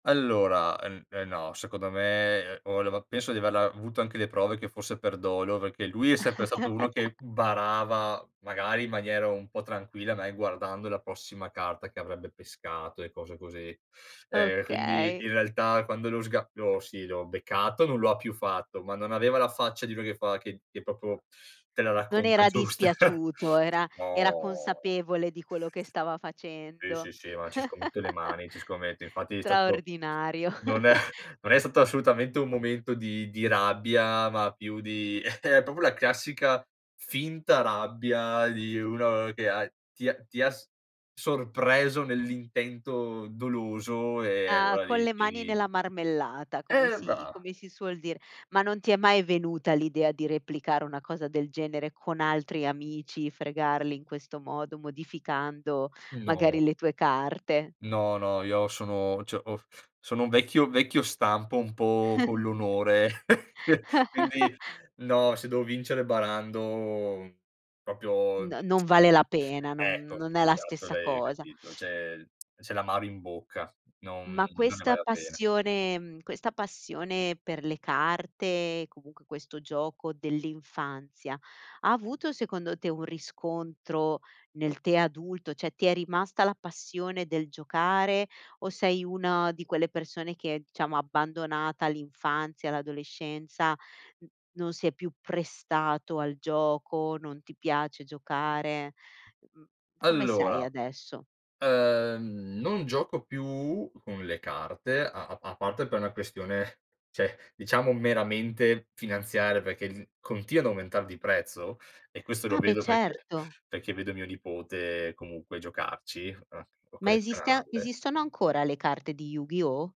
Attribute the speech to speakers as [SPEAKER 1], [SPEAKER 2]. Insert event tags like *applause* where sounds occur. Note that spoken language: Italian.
[SPEAKER 1] Allora, ehm, eh no. Secondo me, ehm, o leva penso di averla avuto anche le prove che fosse per dolo perché lui è sempre stato uno che
[SPEAKER 2] *chuckles*
[SPEAKER 1] barava, magari in maniera un po' tranquilla, mai guardando la prossima carta che avrebbe pescato e cose così. Ehm, quindi,
[SPEAKER 2] Okay.
[SPEAKER 1] in realtà, quando lo sga lo sì, l'ho beccato, non l'ha più fatto, ma non aveva la faccia di quello che fa che che proprio te la
[SPEAKER 2] Non
[SPEAKER 1] racconta
[SPEAKER 2] era
[SPEAKER 1] giusta.
[SPEAKER 2] dispiaciuto, era era
[SPEAKER 1] No.
[SPEAKER 2] consapevole di quello che stava
[SPEAKER 1] Sì,
[SPEAKER 2] facendo.
[SPEAKER 1] sì, sì. Ma ci scommetto le
[SPEAKER 2] *chuckles*
[SPEAKER 1] mani, ci scommetto. Infatti è stato
[SPEAKER 2] Straordinario.
[SPEAKER 1] non è
[SPEAKER 2] *chuckles*
[SPEAKER 1] non è stato assolutamente un momento di di rabbia, ma più di *chuckles* è proprio la classica finta rabbia di uno che ha ti h ti ha s sorpreso nell'intento doloso e
[SPEAKER 2] Ah,
[SPEAKER 1] allora
[SPEAKER 2] con
[SPEAKER 1] lì
[SPEAKER 2] le
[SPEAKER 1] ci
[SPEAKER 2] mani
[SPEAKER 1] rid
[SPEAKER 2] nella marmellata, come
[SPEAKER 1] Eh,
[SPEAKER 2] si
[SPEAKER 1] va
[SPEAKER 2] come si suol dire. Ma non ti è mai venuta l'idea di replicare una cosa del genere con altri amici, fregarli in questo modo, modificando
[SPEAKER 1] No.
[SPEAKER 2] magari le tue carte?
[SPEAKER 1] No, no. Io sono cioè ho sono un vecchio vecchio stampo un po' con l'onore,
[SPEAKER 2] *chuckles*
[SPEAKER 1] *chuckles*
[SPEAKER 2] *chuckles*
[SPEAKER 1] quindi, no. Se devo vincere barando proprio
[SPEAKER 2] No
[SPEAKER 1] *tsk*
[SPEAKER 2] non vale la pena, non
[SPEAKER 1] ecco,
[SPEAKER 2] non è la
[SPEAKER 1] esatto,
[SPEAKER 2] stessa
[SPEAKER 1] l'hai
[SPEAKER 2] cosa.
[SPEAKER 1] capito. C'è il *tsk* c'è l'amaro in bocca, non
[SPEAKER 2] Ma
[SPEAKER 1] non ne
[SPEAKER 2] questa
[SPEAKER 1] vale la pena.
[SPEAKER 2] passione mhmm, questa passione per le carte, comunque questo gioco dell'infanzia, ha avuto, secondo te, un riscontro nel te adulto? Cioè ti è rimasta la passione del giocare o sei una di quelle persone che è diciamo abbandonata all'infanzia, l'adolescenza, non si è più prestato al gioco, non ti piace giocare, mhmm, come sei
[SPEAKER 1] Allora,
[SPEAKER 2] adesso?
[SPEAKER 1] ehm, non gioco più con le carte a a a parte per una questione, cioè diciamo meramente finanziaria perché il continuo ad aumentare di prezzo e questo lo
[SPEAKER 2] Ah, beh,
[SPEAKER 1] vedo perché?
[SPEAKER 2] certo.
[SPEAKER 1] Perché vedo mio nipote comunque giocarci, uhm, o
[SPEAKER 2] Ma esiste
[SPEAKER 1] collezionarle.
[SPEAKER 2] esistono ancora le carte di Yu-Gi-Oh?